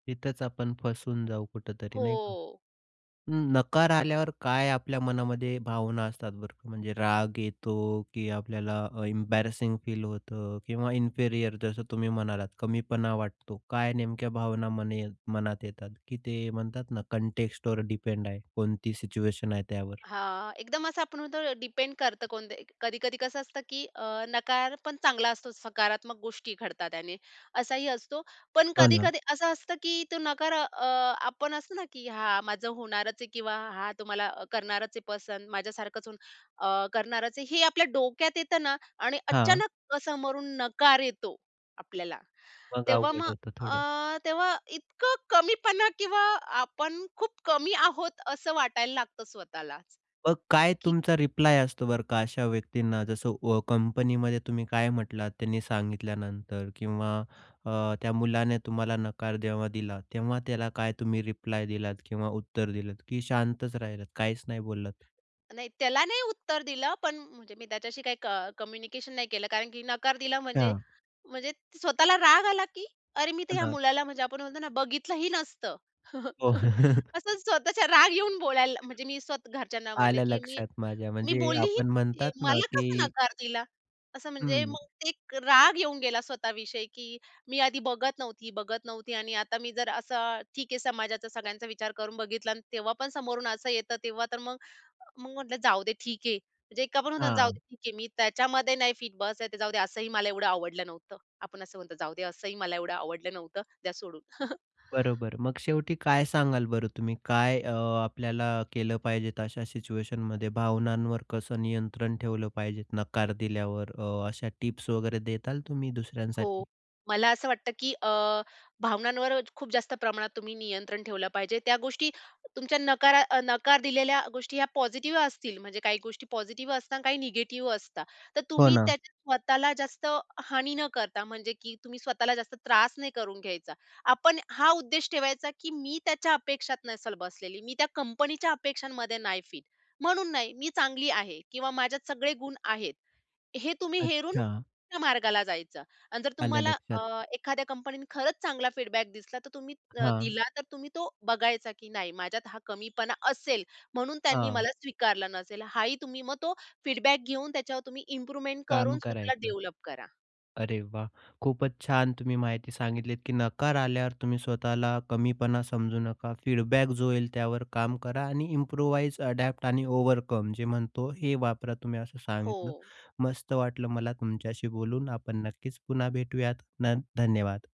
तिथंच आपण फसून जाऊ कुठेतरी, नाही का? हो. नकार आल्यावर काय आपल्या मनामध्ये भावना असतात बरं क म्हणजे राग येतो, की आपल्याला एम्बॅरसिंग फील होतं किंवा इन्फेरियर जसं तुम्ही म्हणालात कमीपणा वाटतो. काय नेमक्या भावना मने मनात येतात? की ते म्हणतात ना, कॉन्टेक्स्टवर डिपेंड आहे कोणती सिच्युएशन आहे त्यावर? हां. एकदम असं आपण म्हणतो ना डिपेंड करतं कोणते एक कधी-कधी कसं असतं, की अ, नकार पण चांगला असतोच सकारात्मक गोष्टी घडतात त्याने असाही असतो. पण हो ना. कधी-कधी असं असतं की तो नकार अ, आपण असतो ना, की हां, माझं होणारच आहे किंवा हां, तुम्हाला करणारच आहे पसंद. माझ्यासारखंच अन् अ, करणारच आहे, हे आपल्या डोक्यात येतं ना आणि हां. अचानक समोरून नकार येतो आपल्याला. मग तेव्हा अवघड मग होतं थोडं. अ, तेव्हा इतकं कमीपणा किंवा आपण खूप कमी आहोत असं वाटायला लागतं स्वतःलाच मग काय की तुमचा रिप्लाय असतो बरं का, अशा व्यक्तींना जसं व कंपनीमध्ये तुम्ही काय म्हटलात, त्यांनी सांगितल्यानंतर किंवा अ, त्या मुलाने तुम्हाला नकार जेव्हा दिला, तेव्हा त्याला काय तुम्ही रिप्लाय दिलात किंवा उत्तर दिलत, की शांतच राहिलात? काहीच नाही बोललात? नाही, त्याला नाही उत्तर दिलं, पण म्हणजे मी त्याच्याशी काही क कम्युनिकेशन नाही केलं कारण की नकार दिला म्हणजे, हां. म्हणजे स्वतःला राग आला, की अरे! मी तर ह्या त्यांना. मुलाला म्हणजे आपण म्हणतो ना, बघितलं ही नसतं. हो. असं स्वतःचा राग येऊन बोलायला म्हणजे मी स्वत घरच्यांना म्हणले, आलं की "मी, लक्षात माझ्या मी म्हणजे बोललीही आपण नाही म्हणतात आहे ना, मला कसा की नकार दिला?" असं म्हणजे हं. मग एक राग येऊन गेला स्वतः विषयी, की मी आधी बघत नव्हती, बघत नव्हती आणि आता मी जर असं ठीक आहे समाजाचा सगळ्यांचा विचार करून बघितला अन् तेव्हा पण समोरून असं येतं तेव्हा तर मग, मग म्हटलं जाऊदे ठीक आहे. म्हणजे एक आपण म्हणतो ना, "जाऊ दे हां. ठीक आहे. मी त्याच्यामध्ये नाही फिट बसत आहे, जाऊ दे, असंही मला एवढं आवडलं नव्हतं." आपण असं बोलतो, "जाऊ दे, असंही मला एवढं आवडलं नव्हतं. द्या सोडून." बरोबर. मग शेवटी काय सांगाल बरं तुम्ही, काय अ, आपल्याला केलं पाहिजे तशा सिच्युएशनमध्ये? भावनांवर कसं नियंत्रण ठेवलं पाहिजे? नकार दिल्यावर अ, अशा टिप्स वगैरे द्याल तुम्ही हो. दुसऱ्यांसाठी? मला असं वाटतं, की अ, भावनांवर खूप जास्त प्रमाणात तुम्ही नियंत्रण ठेवलं पाहिजे. त्या गोष्टी तुमच्या नकारा अ, नकार दिलेल्या गोष्टी ह्या पॉझिटिव्ह असतील, म्हणजे काही गोष्टी पॉझिटिव्ह असतात आणि काही निगेटिव्ह असतात. तर हो तुम्ही ना. त्यात स्वतःला जास्त हानी न करता, म्हणजे की तुम्ही स्वतःला जास्त त्रास नाही करून घ्यायचा. आपण हा उद्देश ठेवायचा, की मी त्याच्या अपेक्षात नसेल बसलेली, मी त्या कंपनीच्या अपेक्षांमध्ये नाही फिट. म्हणून नाही. मी चांगली आहे किंवा माझ्यात सगळे गुण आहेत. हे तुम्ही हेरून अच्छा! तुमच्या मार्गाला जायचं अन् जर आलं तुम्हाला लक्षात. अ, एखाद्या कंपनीनं खरंच चांगला फीडबॅक दिसला, तर तुम्ही त हां. दिला तर तुम्ही तो बघायचा, की नाही माझ्यात हा कमीपणा असेल म्हणून त्यांनी हां. मला स्वीकारला नसेल, हा ही तुम्ही मग तो फीडबॅक घेऊन त्याच्यावर तुम्ही इम्प्रुव्हमेंट काम करून स्वतःला करायचं. डेव्हलप करा. अरे वाह! खूपच छान तुम्ही माहिती सांगितलीत, की नकार आल्यावर तुम्ही स्वतःला कमीपणा समजू नका फीडबॅक जो होईल, त्यावर काम करा आणि इम्प्रूवाइज, अडॅप्ट आणि ओव्हरकम जे म्हणतो, हे वापरा तुम्ही असं सांगितलं. हो. मस्त वाटलं मला तुमच्याशी बोलून आपण नक्कीच पुन्हा भेटूयात. न धन्यवाद.